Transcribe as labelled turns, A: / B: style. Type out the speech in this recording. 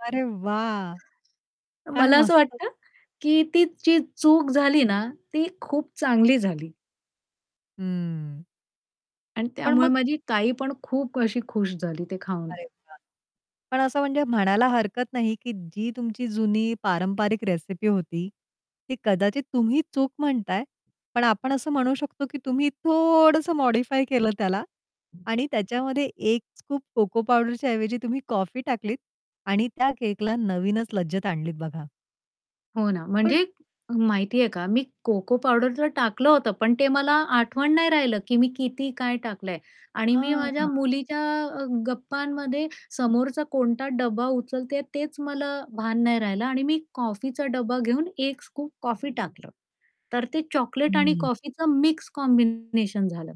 A: अरे वाह! काय
B: मला असं
A: मस्त.
B: वाटतं, की ती जी चूक झाली ना, ती खूप चांगली झाली.
A: हं.
B: आणि
A: पण
B: त्यामुळे
A: मग
B: माझी ताई पण खूप अशी खुश झाली ते खाऊन.
A: अरे वा! पण असं म्हणजे म्हणायला हरकत नाही, की जी तुमची जुनी पारंपरिक रेसिपी होती, ती कदाचित तुम्ही चूक म्हणताय पण आपण असं म्हणू शकतो की तुम्ही थोडंस मॉडिफाय केलं त्याला आणि त्याच्यामध्ये 1 स्कूप कोको पावडरच्या ऐवजी तुम्ही कॉफी टाकलीत आणि त्या केकला नवीनच लज्जत आणलीत बघा.
B: हो ना.
A: पण
B: म्हणजे माहिती आहे का मी कोको पावडरच टाकलं होतं, पण ते मला आठवण नाही राहिलं, की मी किती काय टाकलंय आणि मी
A: हां,
B: माझ्या
A: हां
B: मुलीच्या अ, गप्पांमध्ये समोरचा कोणता डब्बा उचलतेय तेच मला भान नाही राहिलं आणि मी कॉफीचा डब्बा घेऊन 1 स्कूप कॉफी टाकलं. तर ते चॉकलेट आणि
A: हं.
B: कॉफीचं मिक्स कॉम्बिनेशन झालं.